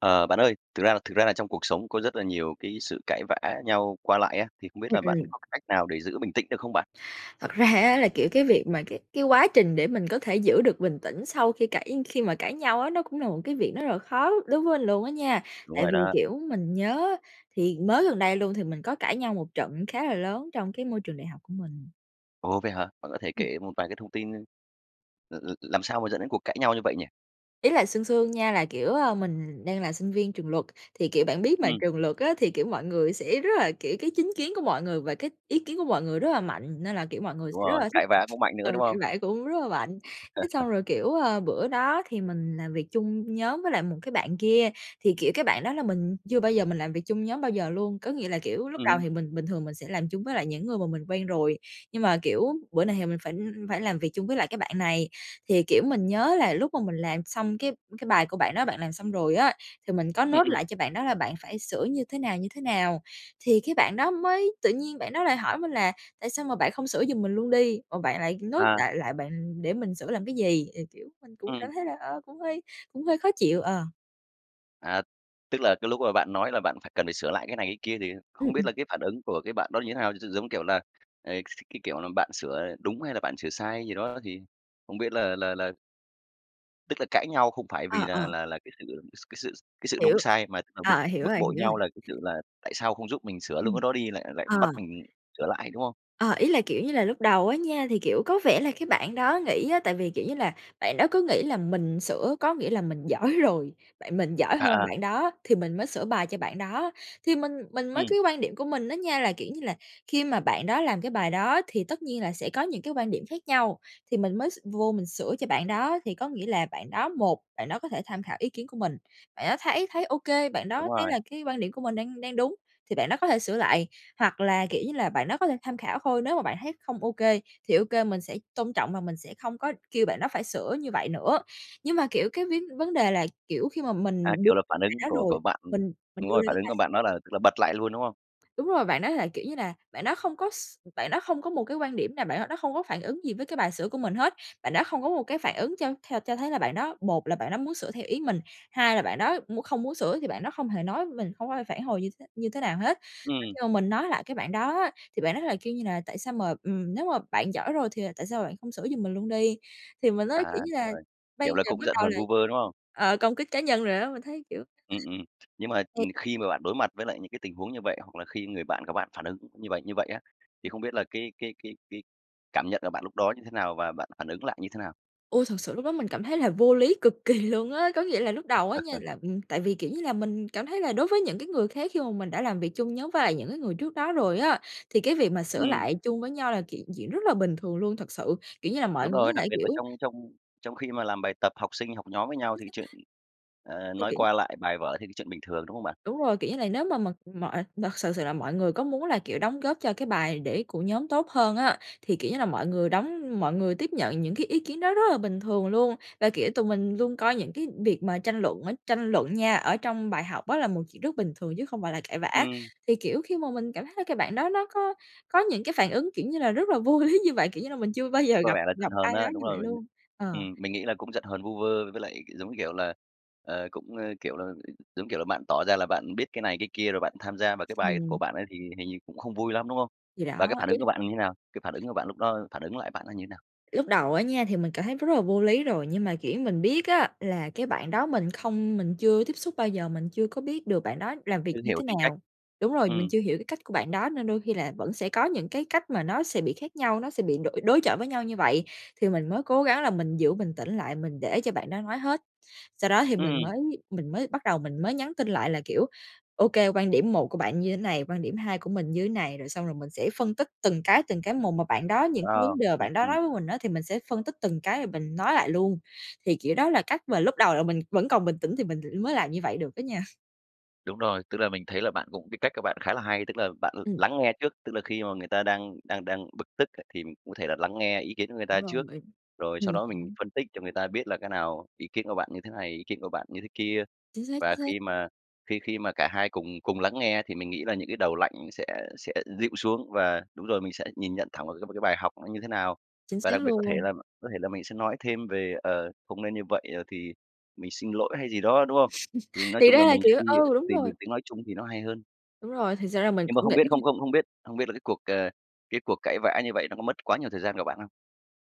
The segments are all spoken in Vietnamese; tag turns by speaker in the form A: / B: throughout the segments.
A: Ờ, bạn ơi, thực ra là thực ra là trong cuộc sống có rất là nhiều cái sự cãi vã nhau qua lại á, thì không biết
B: Ừm,
A: là bạn
B: ừm.
A: có cái cách nào để giữ bình tĩnh được không bạn?
B: Thật ra á, là, kiểu, cái việc mà cái cái quá trình để mình có thể giữ được bình tĩnh sau khi cãi khi mà cãi nhau á, nó cũng là một cái việc nó rất là khó đối với lình luôn á nha.
A: Đúng
B: Tại
A: rồi
B: vì,
A: đó.
B: kiểu, mình nhớ thì mới gần đây luôn thì mình có cãi nhau một trận khá là lớn trong cái môi trường đại học của mình.
A: Ồ, vậy hả? Bạn có thể
B: Ừm.
A: kể một vài cái thông tin l l làm sao mà dẫn đến cuộc cãi nhau như vậy nhỉ?
B: Ý là sương sương nha là, kiểu, ờ, mình đang là sinh viên trường luật. Thì, kiểu, bạn biết mà,
A: Ừm.
B: trường luật á, thì, kiểu, mọi người sẽ rất là, kiểu, cái chính kiến của mọi người và cái ý kiến của mọi người rất là mạnh nên là, kiểu, mọi người
A: Đúng
B: sẽ rất
A: rồi,
B: là thích,
A: cãi vã
B: [unintelligible]
A: cũng mạnh
B: ờ,
A: nữa, đúng
B: cãi
A: không?
B: vã cũng rất là mạnh. Thế xong rồi, kiểu, ờ, bữa đó thì mình làm việc chung nhóm với lại một cái bạn kia thì, kiểu, cái bạn đó là mình chưa bao giờ mình làm việc chung nhóm bao giờ luôn. Có nghĩa là, kiểu, lúc
A: Ừm
B: đầu
A: hứm.
B: thì mình bình thường mình sẽ làm chung với lại những người mà mình quen rồi nhưng mà, kiểu, bữa này thì mình phải phải làm việc chung với lại cái bạn này. Thì, kiểu, mình nhớ là lúc mà mình làm xong cái cái bài của bạn đó bạn làm xong rồi á, thì mình có
A: Ừm,
B: note
A: ừm.
B: lại cho bạn đó là bạn phải sửa như thế nào, như thế nào. Thì cái bạn đó mới tự nhiên bạn đó lại hỏi mình là: "Tại sao mà bạn không sửa giùm mình luôn đi, mà bạn lại note
A: À.
B: đại lại bạn để mình sửa làm cái gì?" Thì, kiểu, mình cũng
A: Ừm.
B: cảm thấy là, ơ, cũng hơi cũng hơi khó chịu, ờ.
A: À, tức là cái lúc mà bạn nói là bạn phải cần phải sửa lại cái này cái kia thì
B: Ừ,
A: không biết
B: ừm.
A: là cái phản ứng của cái bạn đó như thế nào? Gi giống kiểu là, à, s cái kiểu là, bạn sửa, ờ, đúng hay là bạn sửa sai gì đó, thì không biết là là là Tức là cãi nhau không phải vì
B: À,
A: là
B: ờ.
A: là là cái sự s cái sự cái sự đúng
B: Hiểu.
A: sai mà tức là bực
B: À, hiểu
A: bực
B: rồi,
A: bội
B: hiểu rồi.
A: nhau là cái sự là tại sao không giúp mình sửa luôn cái
B: Ừm.
A: đó đi, lại lại bắt
B: Ờ.
A: mình sửa lại, đúng không?
B: Ờ, ý là, kiểu như là, lúc đầu á nha thì, kiểu, có vẻ là cái bạn đó nghĩ á, tại vì, kiểu như là, bạn đó cứ nghĩ là mình sửa có nghĩa là mình giỏi rồi, bạn mình giỏi
A: À,
B: hơn
A: à.
B: bạn đó, thì mình mới sửa bài cho bạn đó. Thì mình mình mới
A: Ừm.
B: cái quan điểm của mình á nha, là, kiểu như là, khi mà bạn đó làm cái bài đó thì tất nhiên là sẽ có những cái quan điểm khác nhau, thì mình mới s vô mình sửa cho bạn đó. Thì có nghĩa là bạn đó, một bạn đó có thể tham khảo ý kiến của mình, bạn đó thấy thấy OK, bạn
A: Đúng
B: đó thấy
A: rồi.
B: là cái quan điểm của mình đang đang đúng, thì bạn đó có thể sửa lại. Hoặc là, kiểu như là, bạn đó có thể tham khảo thôi, nếu mà bạn thấy không OK, thì OK mình sẽ tôn trọng và mình sẽ không có kêu bạn đó phải sửa như vậy nữa. Nhưng mà, kiểu, cái vấn vấn đề là, kiểu, khi mà
A: À,
B: mình đưa
A: kiểu là phản
B: bạn
A: ứng
B: đó
A: của
B: rồi.
A: của bạn ừm,
B: Mình mình
A: đúng
B: đưa
A: rồi,
B: ra
A: phản
B: cái
A: ứng của
B: bài
A: bạn đó là, tức là, bật lại luôn, đúng không?
B: Đúng rồi, bạn đó là, kiểu như là, bạn đó không có s bạn đó không có một cái quan điểm nào, bạn đó đó không có phản ứng gì với cái bài sửa của mình hết, bạn đó không có một cái phản ứng cho theo cho thấy là bạn đó, một là bạn đó muốn sửa theo ý mình, hai là bạn đó m không muốn sửa thì bạn đó không hề nói mình, không có phản hồi như thế như thế nào hết. Và
A: Ừm.
B: khi mà mình nói lại cái bạn đó á, thì bạn đó lại kêu như là: "Tại sao mà, ừm, nếu mà bạn giỏi rồi thì, à, tại sao bạn không sửa giùm mình luôn đi?". Thì mình nói,
A: À,
B: kiểu như
A: đúng
B: là,
A: rồi,
B: bây
A: kiểu là
B: giờ
A: cũng
B: bắt
A: giận
B: đầu
A: hờn
B: là
A: vu vơ, đúng không?
B: ờ, công kích cá nhân rồi á, mình thấy kiểu
A: Ừm, ừm. Nhưng mà, ừm,
B: [unintelligible]
A: khi mà bạn đối mặt với lại những cái tình huống như vậy, hoặc là khi người bạn của bạn phản ứng như vậy như vậy á, thì không biết là cái cái cái cái cảm nhận của bạn lúc đó như thế nào và bạn phản ứng lại như thế nào?
B: Ôi, thật sự lúc đó mình cảm thấy là vô lý cực kỳ luôn á. Có nghĩa là lúc đầu á nha là, ừm, tại vì kiểu như là mình cảm thấy là đối với những cái người khác khi mà mình đã làm việc chung nhóm với lại những cái người trước đó rồi á, thì cái việc mà sửa
A: Ừm.
B: lại chung với nhau là chuyện chuyện rất là bình thường luôn. Thật sự, kiểu như là, mọi
A: Đúng
B: người có
A: rồi, đặc
B: thể,
A: biệt là
B: kiểu
A: trong trong trong khi mà làm bài tập, học sinh, học nhóm với nhau
B: Chính
A: thì cái chuyện,
B: xác.
A: ờ,
B: Thì
A: nói
B: kiều
A: qua lại bài vở thì cái chuyện bình thường, đúng không bạn?
B: Đúng rồi, kiểu như là, nếu mà mà mọi mà thực sự sự là mọi người có muốn là, kiểu, đóng góp cho cái bài để của nhóm tốt hơn á, thì, kiểu như là, mọi người đóng mọi người tiếp nhận những cái ý kiến đó rất là bình thường luôn. Là, kiểu, tụi mình luôn coi những cái việc mà tranh luận ấy tranh luận nha, ở trong bài học á là một chuyện rất bình thường chứ không phải là cãi vã.
A: Ừm.
B: Thì, kiểu, khi mà mình cảm thấy là cái bạn đó nó có có những cái phản ứng, kiểu như là, rất là vô lý như vậy, kiểu như là, mình chưa bao giờ
A: Có
B: gặp
A: vẻ là giận
B: gặp
A: hờn
B: ai
A: á,
B: đó
A: đúng
B: như vậy
A: rồi.
B: luôn, ờ.
A: Ừm, mình nghĩ là cũng giận hờn vu vơ với lại giống như, kiểu là, ờ, cũng, ơ, kiểu là, giống như, kiểu là, bạn tỏ ra là bạn biết cái này, cái kia rồi bạn tham gia vào cái bài của
B: Ừm.
A: bạn ấy thì hình như cũng không vui lắm, đúng không?
B: Thì đó,
A: Và cái phản
B: ý
A: ứng của
B: là
A: bạn là như thế nào? Cái phản ứng của bạn lúc đó phản ứng lại bạn đó như thế nào?
B: Lúc đầu á nha thì mình cảm thấy rất là vô lý rồi, nhưng mà, kiểu, mình biết á là cái bạn đó mình không mình chưa tiếp xúc bao giờ, mình chưa có biết được bạn đó làm việc
A: Chưa
B: như
A: hiểu
B: thế
A: tính cách,
B: nào. Đúng rồi, mình
A: ừm.
B: chưa hiểu cái cách của bạn đó nên đôi khi là vẫn sẽ có những cái cách mà nó sẽ bị khác nhau, nó sẽ bị đội đối chọi với nhau như vậy. Thì mình mới cố gắng là mình giữ bình tĩnh lại, mình để cho bạn đó nói hết, sau đó thì mình
A: Ừm.
B: mới mình mới bắt đầu mình mới nhắn tin lại là, kiểu, ô kê, quan điểm một của bạn như thế này, quan điểm hai của mình như thế này. Rồi xong rồi mình sẽ phân tích từng cái từng cái một, mà bạn đó những cái
A: Ờ.
B: vấn đề mà
A: Ừm,
B: bạn đó
A: ừm.
B: nói với mình á thì mình sẽ phân tích từng cái và mình nói lại luôn. Thì kiểu đó là cách mà lúc đầu là mình vẫn còn bình tĩnh thì mình mới làm như vậy được á nha.
A: Đúng rồi. Tức là mình thấy là bạn cũng cái cách của bạn khá là hay. Tức là bạn l
B: Ừm.
A: lắng nghe trước, tức là khi mà người ta đang đang đang bực tức á thì cụ thể là lắng nghe ý kiến của người
B: Đúng
A: ta
B: rồi,
A: trước,
B: bởi
A: rồi sau
B: Ừm
A: đó mình
B: hứm.
A: phân tích cho người ta biết là cái nào ý kiến của bạn như thế này, ý kiến của bạn như thế kia.
B: Chính xác,
A: Và
B: chính xác.
A: khi mà khi khi mà cả hai cùng cùng lắng nghe thì mình nghĩ là những cái đầu lạnh sẽ sẽ dịu xuống và đúng rồi, mình sẽ nhìn nhận thẳng vào cái một cái bài học nó như thế nào.
B: Chính
A: Và
B: xác
A: đặc biệt có thể
B: luôn!
A: là có thể là mình sẽ nói thêm về, ờ, "không nên như vậy", ờ, thì "mình xin lỗi" hay gì đó, đúng không? Thì nói
B: Thì
A: chung là
B: ra là
A: mình sẽ
B: kiểu
A: đi
B: ừ, đúng
A: tìm được
B: rồi.
A: tiếng nói chung thì nó hay hơn.
B: Đúng rồi. Thật ra á là mình
A: Nhưng mà
B: cũng
A: không biết
B: nghĩ
A: không không không biết không biết là cái cuộc, ờ cái cuộc cãi vã như vậy nó có mất quá nhiều thời gian của bạn không?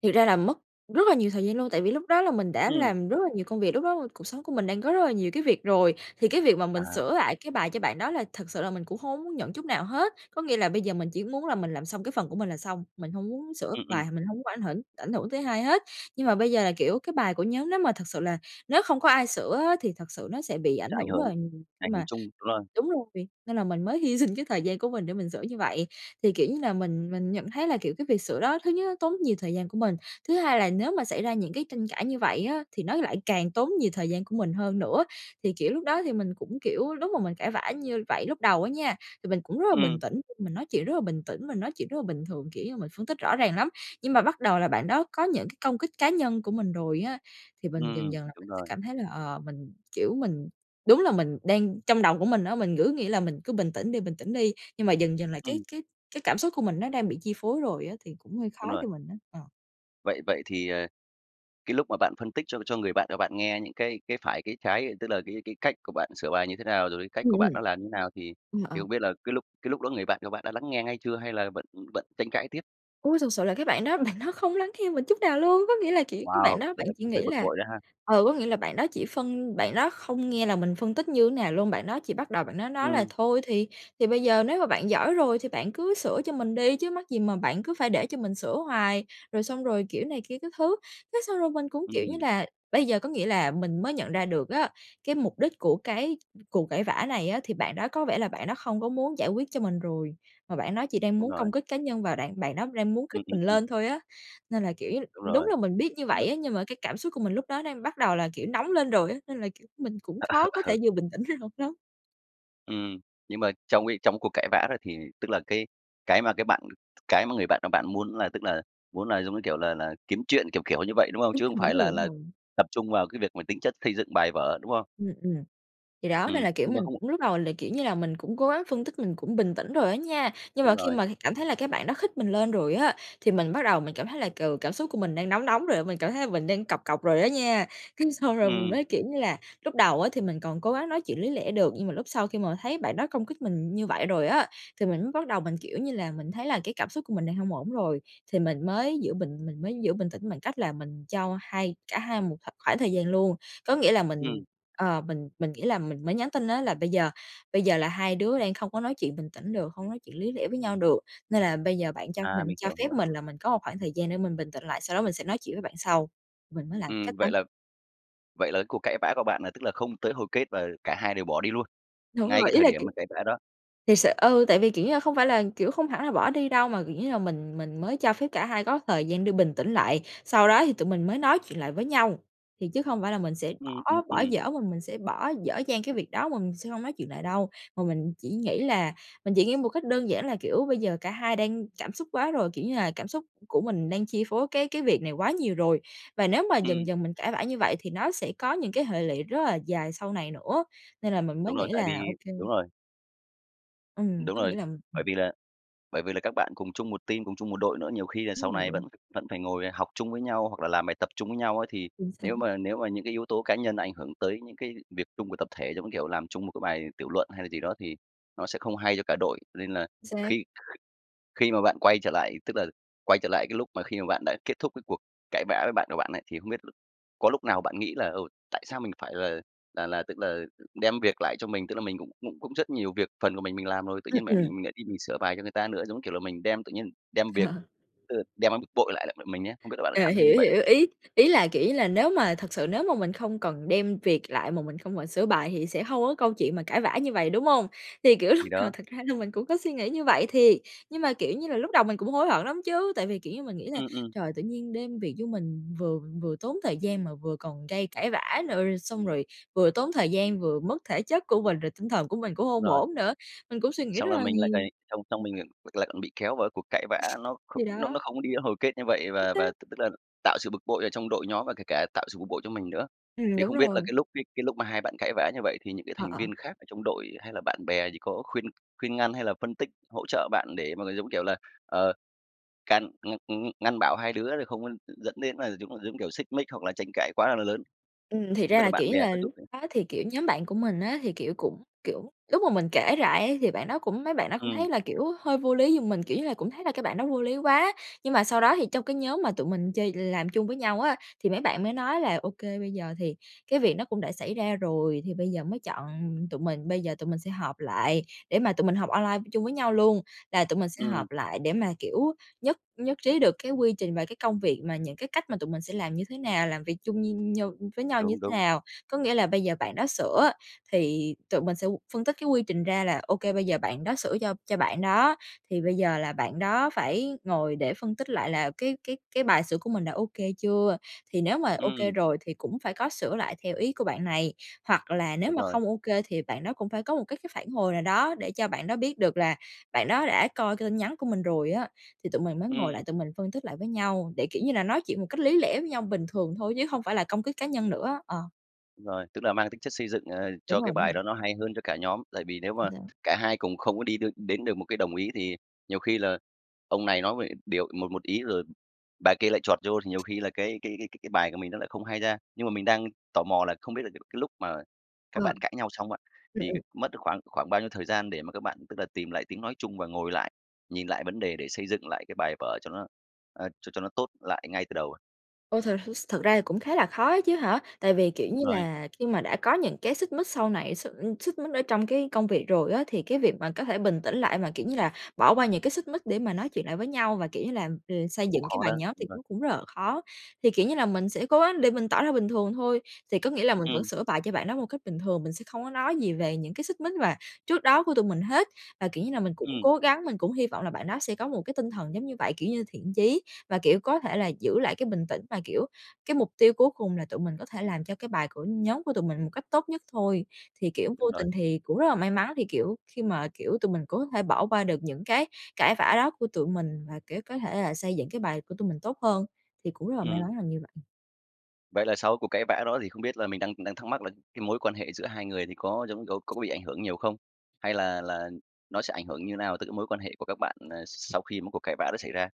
B: Thật ra là mất rất là nhiều thời gian luôn tại vì lúc đó là mình đã
A: Ừm.
B: làm rất là nhiều công việc. Lúc đó cuộc sống của mình đang có rất là nhiều cái việc rồi thì cái việc mà mình
A: À.
B: sửa lại cái bài cho bạn đó là thật sự là mình cũng hông có muốn nhận chút nào hết. Có nghĩa là bây giờ mình chỉ muốn là mình làm xong cái phần của mình là xong, mình hông muốn sửa
A: Ừm, ừm.
B: bài, mình hông muốn ảnh hưởng ảnh hưởng tới hai hết. Nhưng mà bây giờ là, kiểu, cái bài của nhóm nếu mà thực sự là nếu không có ai sửa á thì thật sự nó sẽ bị
A: Nó sẽ
B: ảnh
A: ảnh
B: hưởng rất
A: hưởng
B: là nhiều khi
A: ảnh hưởng
B: mà
A: chung đúng rồi.
B: Đúng rồi! Nên là mình mới hy sinh cái thời gian của mình để mình sửa như vậy. Thì kiểu như là mình mình nhận thấy là, kiểu, cái việc sửa đó thứ nhất nó tốn nhiều thời gian của mình, thứ hai là nếu mà xảy ra những cái tranh cãi như vậy á thì nó lại càng tốn nhiều thời gian của mình hơn nữa. Thì, kiểu, lúc đó thì mình cũng, kiểu lúc mà mình cãi vã như vậy lúc đầu á nha, thì mình cũng rất là bình
A: Ừm.
B: tĩnh, mình nói chuyện rất là bình tĩnh, mình nói chuyện rất là bình thường, kiểu như mình phân tích rõ ràng lắm, nhưng mà bắt đầu là bạn đó có những cái công kích cá nhân của mình rồi á thì mình dần
A: Ừm.
B: dần là
A: Đúng
B: mình sẽ
A: rồi.
B: cảm thấy là ờ, mình, kiểu, mình đúng là mình đang trong đầu của mình á mình cứ nghĩ là mình cứ bình tĩnh đi, bình tĩnh đi nhưng mà dần dần là cái
A: Ừm.
B: cái cái cảm xúc của mình nó đang bị chi phối rồi á thì cũng hơi khó
A: Đúng rồi.
B: cho mình á. Ờ.
A: Vậy, vậy thì, ờ, cái lúc mà bạn phân tích cho cho người bạn, ơ, bạn nghe những cái cái phải, cái trái, tức là cái cái cách của bạn sửa bài như thế nào. Rồi cái cách
B: Ừm,
A: của bạn
B: ừm.
A: nó là như thế nào thì
B: Ừm,
A: thì
B: ờ.
A: hông biết là cái lúc cái lúc đó người bạn của bạn đã lắng nghe ngay chưa hay là vẫn vẫn tranh cãi tiếp?
B: Ôi, thực sự là cái bạn đó bạn đó không lắng nghe mình chút nào luôn. Có nghĩa là chỉ cái bạn
A: Wow!
B: đó
A: Vậy
B: bạn
A: là
B: chỉ
A: cũng hơi
B: nghĩ
A: bực
B: là
A: bội đó ha?
B: ờ, có nghĩa là bạn đó chỉ phân bạn đó không nghe là mình phân tích như thế nào luôn. Bạn đó chỉ bắt đầu bạn đó nói là:
A: Ừm.
B: "Thôi thì thì bây giờ nếu mà bạn giỏi rồi thì bạn cứ sửa cho mình đi, chứ mắc gì mà bạn cứ phải để cho mình sửa hoài?" Rồi xong rồi kiểu này kia các thứ, thế xong rồi mình cũng, kiểu như
A: Ừm.
B: là, bây giờ có nghĩa là mình mới nhận ra được á cái mục đích của cái cuộc cãi vã này á, thì bạn đó có vẻ là bạn đó không có muốn giải quyết cho mình rồi, mà bạn đó chỉ đang
A: Đúng
B: muốn
A: rồi.
B: công kích cá nhân và đạn bạn đó đang muốn
A: Ừm,
B: khích
A: ừm,
B: mình
A: ừm.
B: lên thôi á. Nên là kiểu
A: Đúng
B: đúng
A: rồi.
B: là mình biết như
A: Đúng
B: vậy
A: rồi.
B: á nhưng mà cái cảm xúc của mình lúc đó đang bắt đầu là, kiểu, nóng lên rồi á, nên là, kiểu, mình cũng
A: Ờ.
B: khó có
A: Ờ.
B: thể vừa bình tĩnh ngay lúc đó.
A: Ừm. Nhưng mà trong cái trong cái cuộc cãi vã đó thì, tức là, cái cái mà cái bạn cái mà người bạn của bạn muốn là, tức là, muốn là giống như kiểu là là kiếm chuyện, kiểu, kiểu, như vậy, đúng không?
B: Đúng
A: Chứ không
B: rồi, đúng
A: phải
B: rồi,
A: là
B: đúng
A: là
B: rồi.
A: tập trung vào cái việc mà tính chất xây dựng bài vở, đúng không?
B: Ừm, ừm, thì đó nên
A: Ừm,
B: là, kiểu,
A: nhưng mà
B: mình
A: không
B: cũng lúc đầu là, kiểu như là, mình cũng cố gắng phân tích mình cũng bình tĩnh rồi á nha. Nhưng
A: Đúng
B: mà khi
A: rồi.
B: mà cảm thấy là cái bạn đó khích mình lên rồi á, thì mình bắt đầu mình cảm thấy là, ừ, cảm xúc của mình đang nóng nóng rồi á, mình cảm thấy là mình đang cọc cọc rồi á nha. Cái xong rồi mình
A: Ừm.
B: mới kiểu như là lúc đầu á thì mình còn cố gắng nói chuyện lý lẽ được, nhưng mà lúc sau khi mà thấy bạn đó công kích mình như vậy rồi á, thì mình mới bắt đầu mình, kiểu như là, mình thấy là cái cảm xúc của mình đang hông ổn rồi, thì mình mới giữ bình mình mới giữ bình tĩnh bằng cách là mình cho hai cả hai một kh khoảng thời gian luôn. Có nghĩa là mình
A: Ừm.
B: ờ, mình mình nghĩ là mình mới nhắn tin á là bây giờ bây giờ là hai đứa đang không có nói chuyện bình tĩnh được, không nói chuyện lý lẽ với nhau được nên là bây giờ bạn cho
A: À,
B: mình
A: mình
B: cho
A: hiểu,
B: phép
A: hiểu.
B: mình là mình có một khoảng thời gian để mình bình tĩnh lại, sau đó mình sẽ nói chuyện với bạn sau. Mình mới làm cách
A: Ừm,
B: đấy.
A: vậy là vậy là cái cuộc cãi vã của bạn là, tức là, không tới hồi kết và cả hai đều bỏ đi luôn,
B: Đúng
A: ngay cái
B: rồi. Ý
A: thời
B: là,
A: điểm
B: kiểu,
A: mà cãi vã đó?
B: thiệt sự ừ, tại vì, kiểu như là, không phải là, kiểu, không hẳn là bỏ đi đâu mà, kiểu như là, mình mình mới cho phép cả hai có thời gian để bình tĩnh lại. Sau đó thì tụi mình mới nói chuyện lại với nhau, thì chứ không phải là mình sẽ
A: Ừm, ừm,
B: bỏ bỏ
A: ừm.
B: dở mà mình sẽ bỏ dở dang cái việc đó mà mình sẽ hông nói chuyện lại đâu. Mà mình chỉ nghĩ là mình chỉ nghĩ một cách đơn giản là kiểu bây giờ cả hai đang cảm xúc quá rồi, kiểu như là cảm xúc của mình đang chi phối cái cái việc này quá nhiều rồi và nếu mà dần
A: Ừm.
B: dần mình cãi vã như vậy thì nó sẽ có những cái hệ lụy rất là dài sau này nữa. Nên là mình mới
A: Đúng rồi,
B: nghĩ
A: tại
B: là
A: vì
B: ô kê.
A: Đúng rồi.
B: Ừm,
A: Đúng
B: có
A: rồi.
B: nghĩa là
A: Bởi
B: ừm.
A: vì là bởi vì là các bạn cùng chung một team, cùng chung một đội nữa, nhiều khi là sau
B: Đúng
A: này
B: rồi.
A: vẫn vẫn phải ngồi học chung với nhau hoặc là làm bài tập chung với nhau ấy. Thì
B: Chính xác.
A: nếu mà nếu mà những cái yếu tố cá nhân ảnh hưởng tới những cái việc chung của tập thể giống như, kiểu, làm chung một cái bài tiểu luận hay là gì đó thì nó sẽ không hay cho cả đội. Nên là
B: Xác.
A: khi kh khi mà bạn quay trở lại, tức là quay trở lại cái lúc mà khi mà bạn đã kết thúc cái cuộc cãi vã với bạn của bạn ấy thì không biết có lúc nào bạn nghĩ là "Ôi, tại sao mình phải là là là, tức là, đem việc lại cho mình, tức là mình cũng cũng cũng rất nhiều việc, phần của mình mình làm rồi, tự
B: Ừm,
A: nhiên lại
B: ừm.
A: lại đi mình sửa bài cho người ta nữa, giống như kiểu là mình đem tự nhiên đem việc
B: Ờ.
A: ờ, đem bực bội lại lại mình ấy." Không biết là bạn có
B: À,
A: cảm thấy như
B: hiểu,
A: vậy không?
B: hiểu. Ý ý là, kiểu như là, nếu mà thật sự nếu mà mình không cần đem việc lại mà mình không phải sửa bài thì sẽ hông có câu chuyện mà cãi vã như vầy, đúng hông? Thì, kiểu, lúc
A: Thì
B: đầu
A: đó.
B: thật ra là mình cũng có suy nghĩ như vậy thiệt, nhưng mà, kiểu như là, lúc đầu mình cũng hối hận lắm chứ. Tại vì, kiểu như, mình nghĩ là
A: Ừm ừm.
B: trời, tự nhiên đem việc vô mình, vừa vừa tốn thời gian mà vừa còn gây cãi vã nữa, rồi xong rồi vừa tốn thời gian, vừa mất thể chất của mình rồi tinh thần của mình cũng
A: Đúng
B: hông
A: rồi.
B: ổn nữa. Mình cũng suy nghĩ
A: Xong
B: rất
A: là
B: là
A: mình lại
B: nhiều.
A: lại xong xong mình l lại lại còn bị kéo vào cái cuộc cãi vã, nó kh
B: Thì
A: nó
B: đó.
A: nó không có đi đến hồi kết như vậy,
B: Chính
A: và và
B: xác.
A: t tức là tạo sự bực bội ở trong đội nhóm và kể cả tạo sự bực bội cho mình nữa.
B: Ừm,
A: Thì
B: đúng
A: không biết
B: rồi.
A: là cái lúc cái cái lúc mà hai bạn cãi vã như vậy thì những cái
B: Ờ,
A: thành
B: ờ.
A: viên khác ở trong đội hay là bạn bè thì có khuyên khuyên ngăn hay là phân tích hỗ trợ bạn để mà, giống kiểu là, ờ, can ng ng ngăn bảo hai đứa là không có d dẫn đến là, giống giống kiểu, xích mích hoặc là tranh cãi quá là lớn?
B: Ừm, thiệt
A: Không
B: ra
A: biết là
B: là, kiểu
A: bạn
B: như
A: bè
B: là,
A: có
B: lúc
A: giúp gì?
B: đó thì, kiểu, nhóm bạn của mình á, thì, kiểu, cũng kiểu, lúc mà mình kể lại ấy thì bạn đó cũng mấy bạn đó cũng
A: Ừm.
B: thấy là, kiểu, hơi vô lý giùm mình, kiểu như là, cũng thấy là cái bạn đó vô lý quá. Nhưng mà sau đó thì trong cái nhóm mà tụi mình chơi làm chung với nhau á, thì mấy bạn mới nói là ô kê bây giờ thì cái việc nó cũng đã xảy ra rồi thì bây giờ mới chọn tụi mình. Bây giờ tụi mình sẽ họp lại để mà tụi mình học online chung với nhau luôn, là tụi mình sẽ
A: Ừm.
B: họp lại để mà, kiểu, nhất nhất trí được cái quy trình và cái công việc mà những cái cách mà tụi mình sẽ làm như thế nào, làm việc chung nh như với nhau như
A: Đúng,
B: thế
A: đúng.
B: nào. Có nghĩa là bây giờ bạn đó sửa, thì tụi mình sẽ phân tích cái quy trình ra là ô kê bây giờ bạn đó sửa cho cho bạn đó thì bây giờ là bạn đó phải ngồi để phân tích lại là cái cái cái bài sửa của mình đã ô kê chưa. Thì nếu mà ô kê
A: Ừm.
B: rồi thì cũng phải có sửa lại theo ý của bạn này hoặc là nếu
A: Đúng
B: mà
A: rồi.
B: không ô kê thì bạn đó cũng phải có một cái cái phản hồi nào đó để cho bạn đó biết được là bạn đó đã coi cái tin nhắn của mình rồi á. Thì tụi mình mới ngồi lại
A: Ừm.
B: tụi mình phân tích lại với nhau để, kiểu như là, nói chuyện một cách lý lẽ với nhau bình thường thôi chứ hông phải là công kích cá nhân nữa, ờ.
A: Đúng rồi, tức là mang tính chất xây dựng, ờ,
B: Đúng
A: cho cái
B: rồi, đúng
A: bài
B: rồi.
A: đó nó hay hơn cho cả nhóm. Tại vì nếu
B: Đúng
A: mà
B: rồi á.
A: cả hai cùng không có đi đ đến được một cái đồng ý, thì nhiều khi là ông này nói vậy điều một một ý, rồi bà kia lại chọt vô thì nhiều khi là cái cái cái cái cái bài của mình nó lại không hay ra. Nhưng mà mình đang tò mò là không biết là c cái lúc mà các
B: Ờ.
A: bạn cãi nhau xong á,
B: Ừm,
A: thì
B: ừm.
A: mất khoảng khoảng bao nhiêu thời gian để mà các bạn, tức là, tìm lại tiếng nói chung và ngồi lại, nhìn lại vấn đề để xây dựng lại cái bài vở cho nó, ờ, cho cho nó tốt lại ngay từ đầu?
B: Ôi, thật s thật ra thì cũng khá là khó á chứ hả? Tại vì, kiểu như
A: Rồi.
B: là, khi mà đã có những cái xích mích sau này x xích mích ở trong cái công việc rồi á, thì cái việc mà có thể bình tĩnh lại, mà, kiểu như là, bỏ qua những cái xích mích để mà nói chuyện lại với nhau, và kiểu như là, ờ, xây
A: Cũng
B: dựng cái
A: khó
B: bài
A: đó,
B: nhóm
A: đúng
B: thì
A: rồi.
B: nó cũng rất là khó. Thì, kiểu như là, mình sẽ cố gắng để mình tỏ ra bình thường thôi, thì có nghĩa là mình vẫn
A: Ừm.
B: sửa bài cho bạn đó một cách bình thường, mình sẽ không có nói gì về những cái xích mích và trước đó của tụi mình hết. Và, kiểu như là, mình cũng
A: Ừm.
B: cố gắng, mình cũng hy vọng là bạn đó sẽ có một cái tinh thần giống như vậy, kiểu như thiện chí và, kiểu, có thể là giữ lại cái bình tĩnh và, kiểu, cái mục tiêu cuối cùng là tụi mình có thể làm cho cái bài của nhóm của tụi mình một cách tốt nhất thôi. Thì kiểu, vô
A: Đúng rồi.
B: tình thì cũng rất là may mắn, thì kiểu, khi mà, kiểu, tụi mình có thể bỏ qua được những cái cãi vã đó của tụi mình và, kiểu, có thể là xây dựng cái bài của tụi mình tốt hơn, thì cũng rất là may
A: Ừm.
B: mắn là như vậy.
A: Vậy là sau cái cuộc cãi vã đó thì không biết là mình đang đang thắc mắc là cái mối quan hệ giữa hai người thì có giống giống có bị ảnh hưởng nhiều không? Hay là là nó sẽ ảnh hưởng như nào tới cái mối quan hệ của các bạn, à, sau khi một cuộc cãi vã đã xảy ra?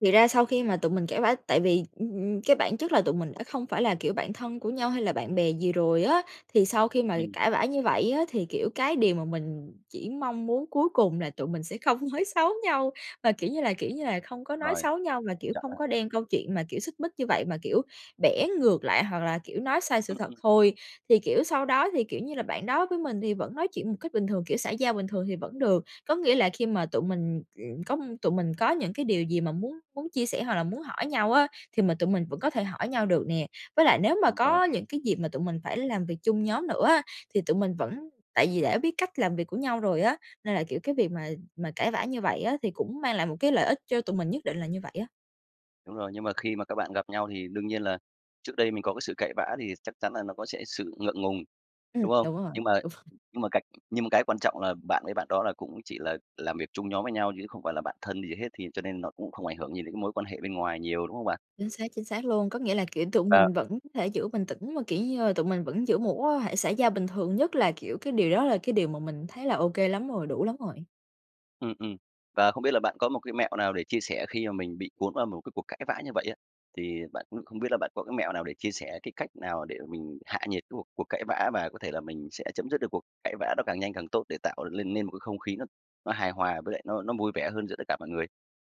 B: Thì ra sau khi mà tụi mình cãi vã, tại vì, ừm, ừm, cái bản chất là tụi mình đã không phải là, kiểu, bạn thân của nhau hay là bạn bè gì rồi á, thì sau khi mà
A: Ừm.
B: cãi vã như vậy á, thì, kiểu, cái điều mà mình chỉ mong muốn cuối cùng là tụi mình sẽ không nói xấu nhau, và, kiểu như là, kiểu như là, không có nói
A: Rồi,
B: xấu nhau mà,
A: quan
B: kiểu,
A: trọng
B: không
A: á.
B: có đem câu chuyện mà, kiểu, xích mích như vậy mà, kiểu, bẻ ngược lại hoặc là, kiểu, nói sai sự
A: Ừm,
B: thật
A: ừm.
B: thôi. Thì kiểu, sau đó thì, kiểu như là bạn đó với mình thì vẫn nói chuyện một cách bình thường, kiểu xã giao bình thường thì vẫn được. Có nghĩa là khi mà tụi mình, ừm, có tụi mình có những cái điều gì mà muốn muốn chia sẻ hoặc là muốn hỏi nhau á, thì mình tụi mình vẫn có thể hỏi nhau được nè. Với lại nếu mà
A: Đúng rồi.
B: có những cái dịp mà tụi mình phải làm việc chung nhóm nữa á, thì tụi mình vẫn tại vì đã biết cách làm việc của nhau rồi á, nên là kiểu cái việc mà mà cãi vã như vậy á, thì cũng mang lại một cái lợi ích cho tụi mình nhất định là như vậy á.
A: Đúng rồi, nhưng mà khi mà các bạn gặp nhau thì đương nhiên là trước đây mình có cái sự cãi vã thì chắc chắn là nó có sẽ sự ngượng ngùng,
B: Ừm.
A: đúng không?
B: Đúng rồi,
A: Nhưng mà
B: đúng rồi.
A: nhưng mà cách nhưng mà cái quan trọng là bạn với bạn đó là cũng chỉ là làm việc chung nhóm với nhau chứ không phải là bạn thân gì hết, thì cho nên nó cũng không ảnh hưởng gì đến cái mối quan hệ bên ngoài nhiều, đúng không bạn?
B: Chính xác, chính xác luôn. Có nghĩa là, kiểu, tụi
A: Ờ.
B: mình vẫn có thể giữ bình tĩnh mà, kiểu như là, tụi mình vẫn giữ một mối quan hệ xã giao bình thường. Nhất là, kiểu, cái điều đó là cái điều mà mình thấy là OK lắm rồi, đủ lắm rồi.
A: Ừm, ừm. Và không biết là bạn có một cái mẹo nào để chia sẻ khi mà mình bị cuốn vào một cái cuộc cãi vã như vậy á, thì bạn cũng không biết là bạn có cái mẹo nào để chia sẻ cái cách nào để mình hạ nhiệt cái cuộc cuộc cãi vã, và có thể là mình sẽ chấm dứt được cuộc cãi vã đó càng nhanh càng tốt, để tạo lên nên một cái không khí nó nó hài hòa với lại nó nó vui vẻ hơn giữa tất cả mọi người?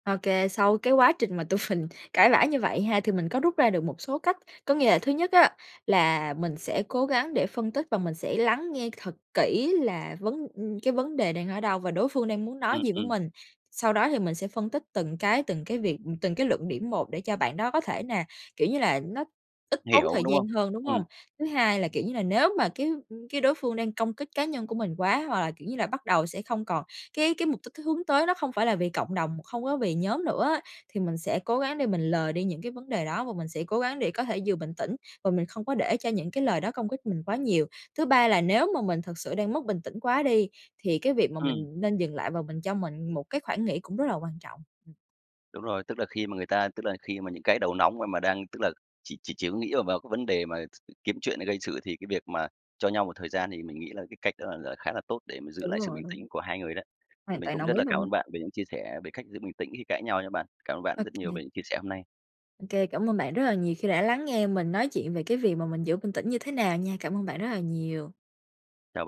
B: Ô kê, sau cái quá trình mà tụi mình cãi vã như vậy ha, thì mình có rút ra được một số cách. Có nghĩa là thứ nhất á là mình sẽ cố gắng để phân tích và mình sẽ lắng nghe thật kỹ là vấn ừm, cái vấn đề đang ở đâu, và đối phương đang muốn nói
A: Ừm,
B: gì với
A: ừm.
B: mình. Sau đó thì mình sẽ phân tích từng cái, từng cái việc từng cái luận điểm một để cho bạn đó có thể nà, kiểu như là, nó ít tốn
A: Hiểu,
B: thời
A: đúng không?
B: gian hơn, đúng hông?
A: Ừm.
B: Thứ hai là, kiểu như là, nếu mà cái, ừm, cái đối phương đang công kích cá nhân của mình quá hoặc là, kiểu như là, bắt đầu sẽ không còn cái cái mục đích hướng tới nó không phải là vì cộng đồng, không có vì nhóm nữa á. Thì mình sẽ cố gắng để mình lờ đi những cái vấn đề đó và mình sẽ cố gắng để có thể vừa bình tĩnh và mình không có để cho những cái lời đó công kích mình quá nhiều. Thứ ba là nếu mà mình thực sự đang mất bình tĩnh quá đi, thì cái việc mà
A: Ừm.
B: mình nên dừng lại và mình cho mình một cái khoản nghĩ cũng rất là quan trọng. Ừm.
A: Đúng rồi, tức là khi mà người ta tức là khi mà những cái đầu nóng mà mà đang, tức là, chỉ chỉ chỉ có nghĩ và vào cái vấn đề mà s kiếm chuyện gây sự thì cái việc mà cho nhau một thời gian thì mình nghĩ là cái cách đó là là khá là tốt để mà giữ
B: Đúng
A: lại sự
B: rồi,
A: bình tĩnh
B: đúng.
A: của hai người đấy. Thì
B: Hoàn
A: mình
B: toàn
A: cũng
B: đồng
A: rất
B: ý
A: là cảm
B: luôn.
A: ơn bạn về những chia sẻ về cách giữ bình tĩnh khi cãi nhau nha bạn. Cảm ơn bạn
B: OK.
A: rất nhiều về những chia sẻ hôm nay.
B: Ô kê, cảm ơn bạn rất là nhiều khi đã lắng nghe mình nói chuyện về cái việc mà mình giữ bình tĩnh như thế nào nha. Cảm ơn bạn rất là nhiều.
A: Chào bạn.